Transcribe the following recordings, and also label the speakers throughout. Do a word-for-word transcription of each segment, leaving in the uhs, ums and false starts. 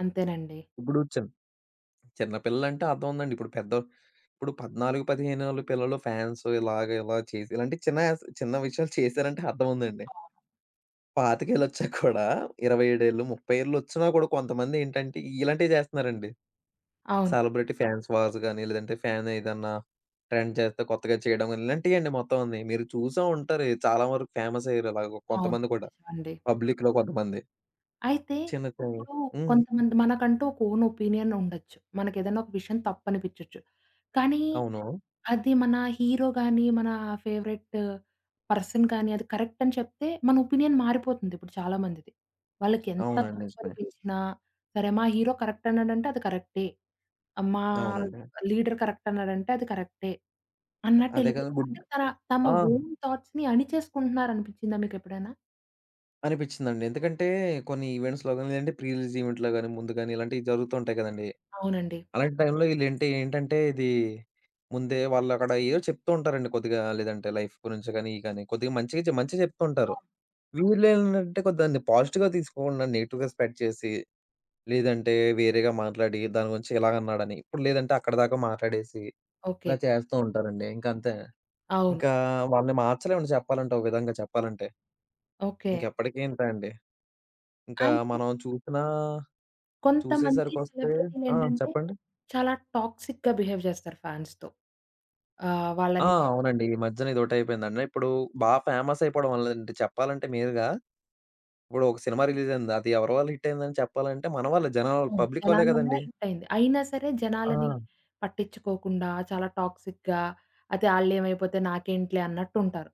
Speaker 1: అంతేనండి.
Speaker 2: ఇప్పుడు చిన్ చిన్న పిల్లలంటే అర్థవుందండి. ఇప్పుడు పెద్ద ఇప్పుడు పద్నాలుగు పదిహేనేళ్ళ పిల్లలు ఫ్యాన్స్ ఇలాగ ఇలా చేసి ఇలాంటి చిన్న యాస్ చిన్న విషయాలు చేశారంటే అర్థవుందండి.
Speaker 1: అవును.
Speaker 2: పాతికేళ్ళొచ్చాక కూడా ఇరవై ఏడు ఏళ్ళు ముప్పై ఏళ్ళు వచ్చినా కూడా కొంతమందేంటంటే, ఇలాంటియే చేస్తున్నారండి.
Speaker 1: అవును.
Speaker 2: సెలబ్రిటీ ఫాన్స్ వార్స్ గాని, లేదంటే ఫ్యాన్ ఏదన్నా ట్రెండ్ చేస్తే కొత్తగా చేయడం గాని ఇలాంటియే అండి మొత్తం అన్నీ. మీరు చూసే ఉంటారు చాలా వరకు ఫేమసయ్యారు ఇలాగొ
Speaker 1: అవును.
Speaker 2: కొంతమంది కూడా.
Speaker 1: నిజమండి.
Speaker 2: పబ్లిక్‌లో కొంతమంది.
Speaker 1: అయితే,
Speaker 2: చిన్న కే
Speaker 1: ఇప్పుడు
Speaker 2: హ్మ్.
Speaker 1: కొంతమంది మనకంటూ ఒక ఓన్ ఒపీనియన్ ఉండొచ్చు. మనకేదైనా ఒక విషయం తప్పనిపిచ్చోచ్చు. కానీ
Speaker 2: అవును.
Speaker 1: అది మన హీరో గాని, మన ఫేవరెట్టు పర్సన్ కాని, అది కరెక్ట్ అని చెప్తే, మన ఒపీనియన్ మారిపోతుందిప్పుడు చాలా మందిది. వాళ్ళకెంత
Speaker 2: అవునండి. నిజమే.
Speaker 1: తప్పనిపించినా, సరే మా హీరో కరెక్ట్ అన్నాడంటే అది కరెక్టే. మా
Speaker 2: అవునండి.
Speaker 1: లీడర్ కరెక్ట్ అన్నాడంటే అది కరెక్టే.
Speaker 2: అదే కదా!
Speaker 1: అన్నట్టెళ్ళిపోతారు.
Speaker 2: గుడ్
Speaker 1: అంటే తన తమ
Speaker 2: ఆ!
Speaker 1: ఓన్ థాట్స్‌ని అణిచేసుకుంటున్నారనిపిచ్చిందా మీకెప్పుడైనా?
Speaker 2: అనిపిచ్చిందండి. ఎందుకంటే కొన్ని ఈవెంట్స్‌లో గాని, లేదంటే ప్రీ రిలీజ్ ఈవెంట్‌లో గాని, ముందు గాని ఇలాంటియి జరుగుతూ ఉంటాయి కదండీ.
Speaker 1: అవునండి.
Speaker 2: అలాంటి టైంలో ఈళ్ళు ఏంటి ఏంటంటే, ఇది ముందే వాళ్ళక్కడ ఏదో చెప్తూ ఉంటారండి కొద్దిగా లేదంటే లైఫ్ గురించి గానీ, ఇయి గానీ కొద్దిగా మంచిగా చె మంచిగా చెప్తూ ఉంటారు.
Speaker 1: అవును.
Speaker 2: వీళ్ళేంటంటే కొద్దిగ దాన్ని పాజిటివ్‌గా తీసుకోకుండా, నెగెటివ్‌గా స్పెడ్ చేసి, లేదంటే వేరేగా మాట్లాడి దాని గురించి ఇలాగన్నాడని ఇప్పుడు లేదంటే అక్కడిదాకా మాట్లాడేసి
Speaker 1: ఓకే.
Speaker 2: ఇలా చేస్తూ ఉంటారండి. ఇంకంతే
Speaker 1: అవును.
Speaker 2: ఇంకా వాళ్ళని మార్చలేమండి చెప్పాలంటే. ఒక విధంగా చెప్పాలంటే.
Speaker 1: ఓకే.
Speaker 2: ఇంకెప్పటికీ ఇంతే అండి. ఇంకా
Speaker 1: అయితే
Speaker 2: మనం చూపీనా
Speaker 1: కొంతమంది
Speaker 2: చూసేసరికొస్తే ఆ!
Speaker 1: సెలబ్రిటీలేంటంటే,
Speaker 2: చెప్పండి.
Speaker 1: చాలా టాక్సిక్‌గా బిహేవ్ చేస్తారు ఫాన్స్‌తో. ఆహ్,
Speaker 2: ఆ!
Speaker 1: వాళ్ళని
Speaker 2: అవునండి. ఈ మధ్యన ఇదొకటైపోయిందండి. ఇప్పుడు బాగా ఫేమస్ అయిపోవడం వల్ల, లేదంటే చెప్పాలంటే మీరుగా ఇప్పుడు ఒక సినిమా రిలీజ్ అయింది, అది ఎవరి వల్ల హిట్ అయింది అని చెప్పాలంటే, మన వల్లే జనాల వల్ల
Speaker 1: అవును.
Speaker 2: పబ్లిక్ వల్లే
Speaker 1: జనాల వల్ల
Speaker 2: కదండీ!
Speaker 1: హిట్ అయింది. అయినా సరే, జనాలని
Speaker 2: ఆ!
Speaker 1: పట్టిచ్చుకోకుండా చాలా టాక్సిక్‌గా అతే ఆళ్ళేమైపోతే నాకేంటిలే అన్నట్టుంటారు.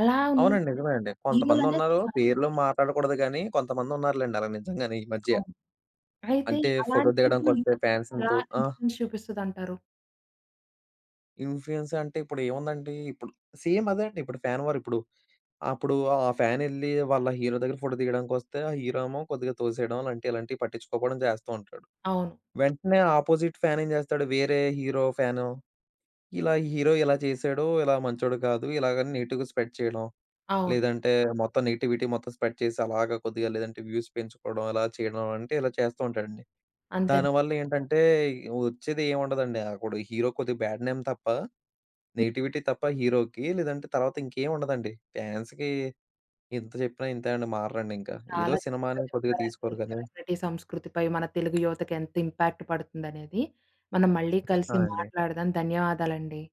Speaker 1: అలా
Speaker 2: అవునండి.
Speaker 1: ఉన్నాదే
Speaker 2: నిజమేనండి.
Speaker 1: హీరోలనేది
Speaker 2: కొంతమందున్నారు
Speaker 1: కాదు
Speaker 2: పేర్లు మాటాడకూడదు గాని, కొంతమందున్నారులెండి అలా నిజంగానే ఈ మధ్య
Speaker 1: అవును. అయితే
Speaker 2: అంటే ఫోటో
Speaker 1: అలాంటివి ఈ
Speaker 2: దిగడానికొస్తే
Speaker 1: మద్యన
Speaker 2: ఫ్యాన్స్‌ని
Speaker 1: ఎలా
Speaker 2: తో ఆ!
Speaker 1: ఇన్‌ఫ్లుయెన్స్ చూపిస్తదంటారు?
Speaker 2: ఇన్‌ఫ్లుయెన్స్ అంటే ఇప్పుడేముందండి. ఇప్పుడు సేమ్ అదే అండి ఇప్పుడు ఫ్యాన్ వార్ ఇప్పుడు. అప్పుడు ఆ ఫ్యానెళ్లి వాళ్ళ హీరో దగ్గర ఫోటో దిగడానికొస్తే, ఆ హీరో ఏమో కొద్దిగా తోసేయడం అలాంటియి, ఇలాంటియి పట్టిచ్చుకోపోవడం చేస్తూ ఉంటాడు.
Speaker 1: అవును.
Speaker 2: వెంటనే అపోజిట్ ఫ్యాన్ ఏం చేస్తాడు? వేరే హీరో ఫ్యాను, ఇలా హీరో ఇలా చేసాడో, ఇలా మంచోడు కాదు ఇలాగని నెగిటివ్‌గా స్ప్రెడ్ చేయడం.
Speaker 1: అవును.
Speaker 2: లేదంటే, మొత్తం నెగటివిటీ మొత్తం స్ప్రెడ్ చేసి, అలాగా కొద్దిగా లేదంటే వ్యూస్ పెంచుకోవడం అలా చేయడం అంటే ఇలా చేస్తూ ఉంటాడండి.
Speaker 1: అంతేనం
Speaker 2: దానివల్లేంటంటే, వచ్చేదేముండదండి అప్పుడు హీరో కొద్దిగా బ్యాడ్ నేమ్ తప్ప,
Speaker 1: హ్మ్.
Speaker 2: నెగిటివిటీ తప్ప హీరోకి లేదంటే తర్వాత ఇంకేముండదండి. ఫ్యాన్స్‌కి ఎంత చెప్పినా ఇంతే మారరండి ఇంకా. ఏదో
Speaker 1: చాలా
Speaker 2: సినిమా
Speaker 1: చక్కగా
Speaker 2: అనేది కొద్దిగా
Speaker 1: చెప్పారండి.
Speaker 2: తీసుకొలి గాని
Speaker 1: సెలబ్రిటీ సంస్కృతిపై మన తెలుగు యువతకి ఎంత ఇంపాక్ట్ పడుతుందనేది. మనం మళ్ళీ
Speaker 2: ఆ!
Speaker 1: కలిసి
Speaker 2: అండి.
Speaker 1: మాట్లాడదాం. ధన్యవాదాలండి.